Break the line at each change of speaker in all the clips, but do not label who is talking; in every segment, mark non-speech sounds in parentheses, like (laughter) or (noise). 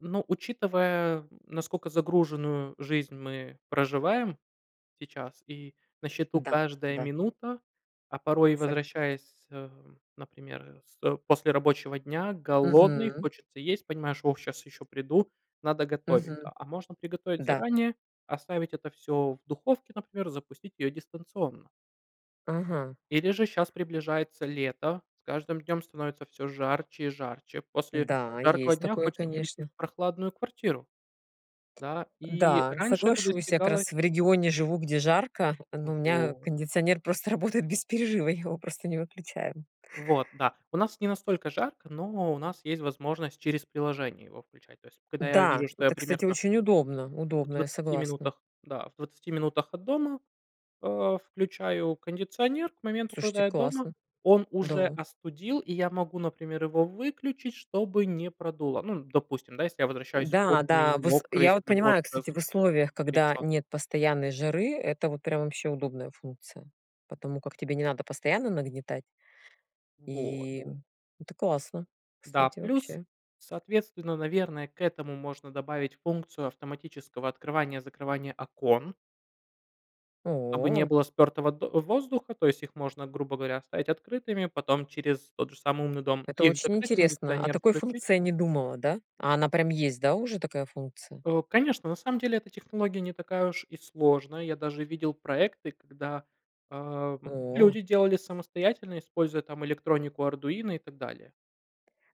Ну, учитывая, наскока загруженную жизнь мы проживаем сейчас и на счету
Да,
каждая
да.
минута, а порой
Сог
возвращаясь, э, например, с э, после рабочего дня, голодный,
Мгм.
хочется есть, понимаешь: "О, щас еще приду, надо готовить",-
Мгм.
да. А можно приготовить
Да.
заранее, оставить это всё в духовке, например, запустить её дистанционно.
Ага.
Или же щас приближается лето, с каждым днём становится всё жарче и жарче. После
Да,
жаркого
есть
дня
такое,
хочется прийти
конечно.
в прохладную квартиру. Да, и
Да,
раньше это
соглашусь, я как
достигалось.
раз в регионе живу, где жарко, но у меня
Вот.
кондиционер просто работает без перерыва. Я его просто не выключаю.
Вот. Да, у нас не настолько жарко, но у нас есть возможность через приложение его включать. То есть, когда я
Да,
вижу, что я
это, кстати,
примерно
очень удобно
В
удобно, я
20
согласна.
минутах, да, в 20 минутах от дома, а, включаю кондиционер. К моменту,
Слушайте,
когда я дома,
классно.
он уже
Да.
остудил, и я могу, например, его выключить, чтобы не продуло. Ну, н допустим, да, если я возвращаюсь потный,
Да-да, вс
мокрый
я
с
вот
работы,
понимаю, кстати, в условиях, когда
разгорячённый.
нет постоянной жары, это вот прям вообще удобная функция. Потому как тебе не надо постоянно нагнетать.
Вот.
И, м, это классно,
Да,
кстати,
плюс,
вообще.
соответственно, наверное, к этому можно добавить функцию автоматического открывания-закрывания окон дабы не
О.
было спёртого до воздуха. То есть их можно, грубо говоря, оставить открытыми, потом через тот же самый умный дом
Это
их
очень
закрыть,
интересно. О
кондиционер
такой
включить.
функции не думала, да? А она прям есть, да, уже такая функция?
Э, конечно, на самом деле эта технология не такая уж и сложная. Я даже видел проекты, когда, ам,
О.
люди делали самостоятельно, используя там электронику "Ардуино" и так далее.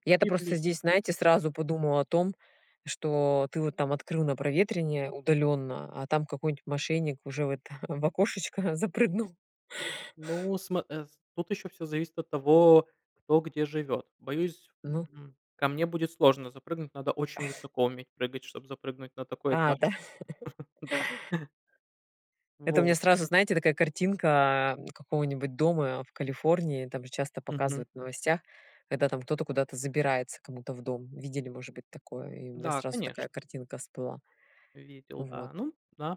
Я-то
И
просто
плюс.
здесь, знаете, сразу подумала о том, что ты вот там открыл на проветривание удалённо, а там какой-нибудь мошенник уже в это, в окошечко запрыгнул.
Ну, сма эс тут ещё всё зависит от того, кто где живёт. Боюсь,
Ну.
м, ко мне будет сложно запрыгнуть. Надо очень
(chuckles)
высоко уметь прыгать, чтоб запрыгнуть на такой
А, да.
этаж,
(laughs)
(chuckles) да.
Это у меня
Вот.
сразу, знаете, такая картинка какого-нибудь дома, а, в Калифорнии. Там же часто
Мгм.
показывают в новостях, когда там кто-то куда-то забирается кому-то в дом. Видели, может быть, такое? И у меня
Да,
сразу
конечно.
такая картинка всплыла.
Видел, да,
Вот.
ну да.